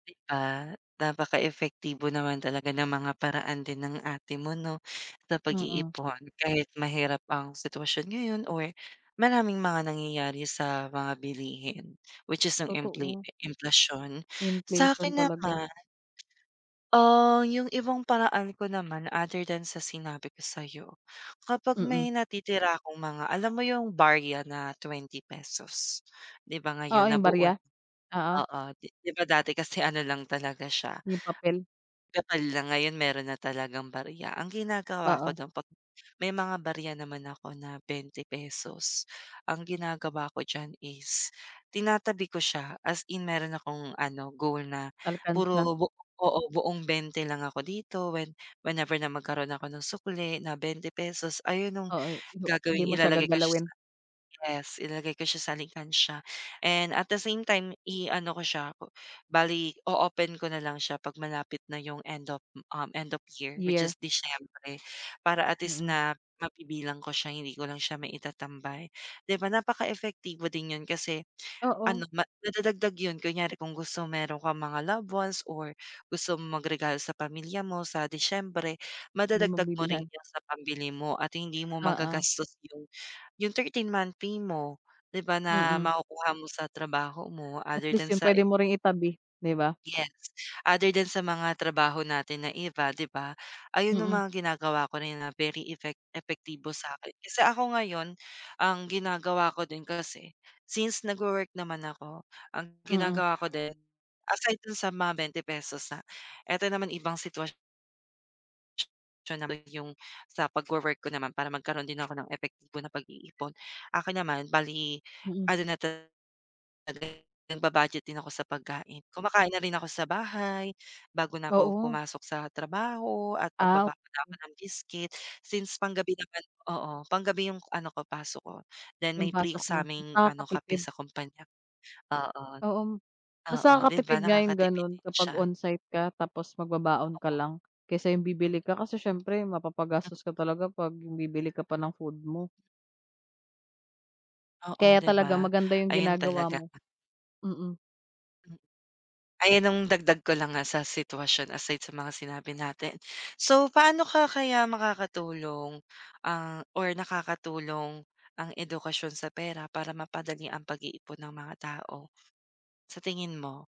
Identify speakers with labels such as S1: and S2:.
S1: Di ba? Napaka-epektibo naman talaga ng mga paraan din ng ate mo no, sa
S2: Hmm.
S1: pag-iipon kahit mahirap ang sitwasyon ngayon or, maraming mga nangyayari sa mga bilihin. Which is yung infla
S2: Totoo.
S1: emplasyon,
S2: Inflation
S1: sa'kin
S2: talaga.
S1: naman ah, yung ibang paraan ko naman other than sa sinabi ko sayo, kapag
S2: Mm.
S1: may natitira akong mga alam mo yung, barya na ₱20 di ba
S2: Oo
S1: ngayon
S2: yung
S1: nabuo na
S2: barya, oo.
S1: oo di ba dati kasi ano lang talaga siya
S2: Yung papel.
S1: kapal na ngayon meron na talagang barya, ang ginagawa ko
S2: Oo.
S1: dun pag may mga barya naman ako na ₱20, ang ginagawa ko diyan is tinatabi ko siya as in meron akong ano, goal na
S2: Alkansya.
S1: puro bu oo buong 20 lang ako dito when whenever na magkaroon ako ng sukle na ₱20, ayun nung
S2: Oo, di mo hindi
S1: gagawing
S2: mo siya
S1: ilalagay ko siya sa
S2: gagalawin.
S1: ilagay ko siya sa ref, ilalagay ko siya sa alkansiya, and at the same time i-ano ko siya bale o open ko na lang siya pag malapit na yung end of um, end of year which
S2: Year.
S1: is Disyembre para at least
S2: Hmm.
S1: na mabibilang ko siya hindi ko lang siya maitatambay, di ba napaka-epektibo din yun kasi,
S2: Oo.
S1: ano nadadagdag yun kunyari kung gusto meron kang mga loved ones or gusto mong mag-regalalo sa pamilya mo sa Disyembre
S2: May
S1: madadagdag mo rin
S2: mabibilhan.
S1: yan sa pambili mo at hindi mo
S2: Oo.
S1: magagastos yung, yung 13th month pay mo di ba na
S2: Mm.
S1: makukuha mo sa trabaho mo
S2: At
S1: other than
S2: least yung
S1: sa
S2: pwede mo ring itabi, di ba?
S1: yes, other than sa mga trabaho natin na iba 'di ba, ayun yung
S2: Mm.
S1: mga ginagawa ko na na very effec epektibo sa akin kasi ako ngayon, ang ginagawa ko din kasi, since nagwo-work naman ako ang
S2: Mm.
S1: ginagawa ko din aside kahit dun sa mga ₱20 ha, eto naman ibang sitwasyon optional yung sa pagwo-work ko naman para magkaroon din ako ng epektibo na pag-iipon, akin naman bali,
S2: Mm.
S1: ano na talaga nagba-budget din ako sa pagkain, kumakain na rin ako sa bahay, bago na ako
S2: Oo.
S1: pumasok sa trabaho at
S2: Ah, ok.
S1: magbabaon na ako ng biscuit since pang-gabi naman oo pang-gabi yung ano ko pasok ko, then
S2: Yung
S1: may free
S2: pasok mo mas
S1: sa'ming ano kape
S2: nakakapipid.
S1: sa kumpanya, oo
S2: Oo, mas
S1: oo 'di ba
S2: nakakatipid nga yung
S1: nakakatipid
S2: ganun
S1: din
S2: kapag
S1: siya.
S2: onsite ka tapos mag-babaon ka
S1: Oo.
S2: lang kaysa yung bibili ka kasi siyempre mapapa-gastos ka talaga pag bibili ka pa ng food mo.
S1: Oo,
S2: Kaya
S1: di
S2: talaga
S1: ba?
S2: maganda yung
S1: Ayun
S2: ginagawa
S1: talaga.
S2: mo. Mm.
S1: Ayun ang dagdag ko lang nga sa sitwasyon aside sa mga sinabi natin. So paano ka kaya makakatulong ang or nakakatulong ang edukasyon sa pera para mapadali ang pag-iipon ng mga tao? Sa tingin mo?